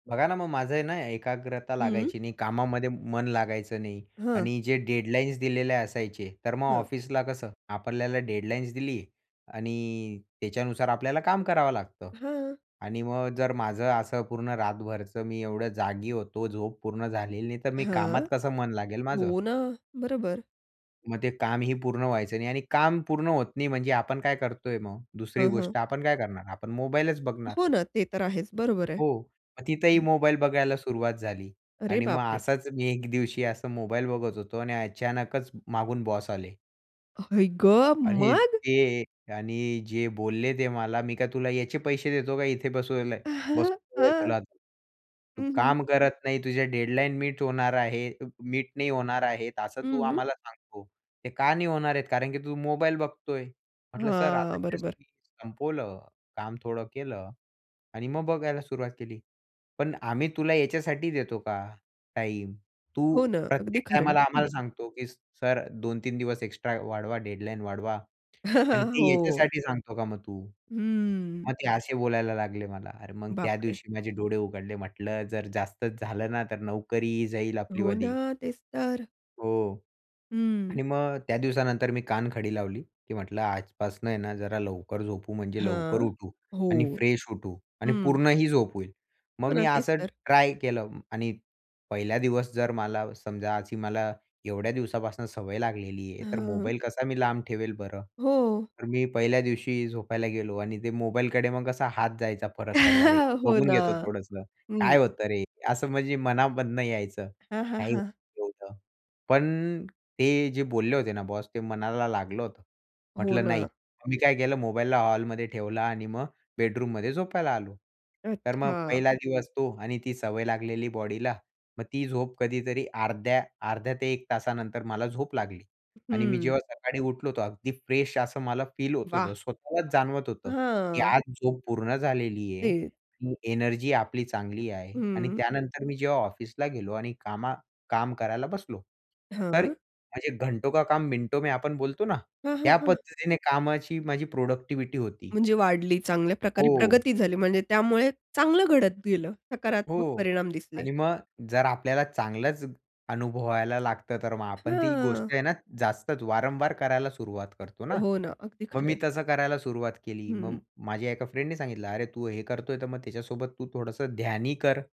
बघा ना, मग माझं आहे ना एकाग्रता हं. लागायची नाही, कामामध्ये मन लागायचं नाही हां. आणि जे डेडलाईन्स दिलेले असायचे. तर मग हां. ऑफिसला कसं आपल्याला डेडलाईन्स दिली आणि त्याच्यानुसार आपल्याला काम करावं लागतं. हां. आणि मग जर माझं असं पूर्ण रातभरचं, मी एवढं जागी होतो, झोप पूर्ण झालेली नाही. तर मी हां, कामात कसं मन लागेल माझं? हो ना. बरोबर. मग ते कामही पूर्ण व्हायचं नाही आणि काम पूर्ण होत नाही म्हणजे आपण काय करतोय मग? दुसरी हां, हां. गोष्ट आपण काय करणार? आपण मोबाईलच बघणार. हो ना, ते तर आहेच. बरोबर आहे. हो. मग तिथंही हं. मोबाईल बघायला सुरुवात झाली अरे आणि मग बापरे! असाच मी एक दिवशी असा मोबाईल बघत होतो आणि अचानकच मागून बॉस आले. आई गं! आणि मग? ते आणि जे बोलले ते मला, "मी काय तुला याचे पैसे देतो का इथे बसयाला हं, बसवल आहे हं, तुला. तू हं. काम करत नाही, तुझ्या डेडलाईन मीट होणार आहे मीट नाही होणार आहे असं हं, तू हं. आम्हाला सांगतो. ते का नाही होणार आहेत? कारण की तू मोबाईल बघतोय." म्हटलं सर, हां, आता जस्ट बरोबर. मी संपवलं. काम थोडं केलं आणि मग बघायला सुरुवात केली." पण आम्ही तुला याच्यासाठी देतो का टाईम? तू हो ना, अगदी प्रत्येक खरंय. टाईमाला हं. आम्हाला सांगतो की सर 2-3 दिवस एक्स्ट्रा वाढवा, डेडलाईन वाढवा. आणि ते हो. याच्यासाठी सांगतो का मग तू?" हम्म. मग ते असे बोलायला लागले मला. अरे मग त्या बापरे! दिवशी माझे डोळे उघडले. म्हटलं जर जास्तच झालं ना तर नोकरीही जाईल हो ना, आपलीवाली. तेच तर. हो आणि हं. मग त्या दिवसानंतर मी कान खडी लावली, की म्हटलं आजपासनं आहे ना जरा लवकर झोपू, म्हणजे लवकर हां, उठू हो, आणि फ्रेश उठू आणि हं. पूर्णही झोप होईल. मग हो मी ना, तेच असं तर. ट्राय केलं आणि पहिल्या दिवस जर मला समजा, अशी मला एवढ्या दिवसापासून सवय लागलेली आहे. तर हां. मोबाईल कसा मी लांब ठेवेल बरं. हो. तर मी पहिल्या दिवशी झोपायला गेलो आणि ते मोबाईलकडे मग कसा हात जायचा परत-परत. अरे हो बघून ना. घेतो थोडंसं हं. काय होतं रे? असं म्हणजे मनामधनं यायचं हां, हां, काय हां. एवढं [unintelligible] पण ते जे बोलले होते ना बॉस ते मनाला लागलं होतं. हो म्हटलं नाही ना. मी काय केलं मोबाईलला हॉलमध्ये ठेवलं आणि मग बेडरूममध्ये झोपायला आलो. तर मग अच्छा! पहिला दिवस तो आणि ती सवय लागलेली बॉडीला. मग ती झोप कधीतरी अर्ध्या अर्ध्या ते 1 तासानंतर मला झोप लागली आणि मी हं. जेव्हा सकाळी उठलो तो अगदी फ्रेश असं मला फील होत वाह! होतं, स्वतःलाच जाणवत होतं, की हां. आज झोप पूर्ण झालेली ते. आहे, एनर्जी आपली चांगली आहे आणि हं. त्यानंतर मी जेव्हा ऑफिसला गेलो आणि कामा काम करायला बसलो. तर हां. माझे घंटो का काम मिनटों में आपण बोलतो ना हां, हां, ह्या हां. पद्धतीने कामाची माझी प्रोडक्टिव्हिटी होती. म्हणजे वाढली चांगल्या प्रकारे हो. प्रगती झाली. म्हणजे त्यामुळे चांगलं घडत गेलं सकारात्मक हो परिणाम दिसले. आणि मग जर आपल्याला चांगलंच अनुभवायला लागतं तर मग आपण ती हां. गोष्ट आहे ना जास्तच वारंवार करायला सुरुवात करतो ना. हो ना, अगदी मग खरं मी आहे. तसं करायला सुरुवात केली. मग हं. माझ्या एका फ्रेंडने सांगितलं अरे तू हे करतोय तर मग त्याच्यासोबत तू थोडंसं ध्यान ही कर.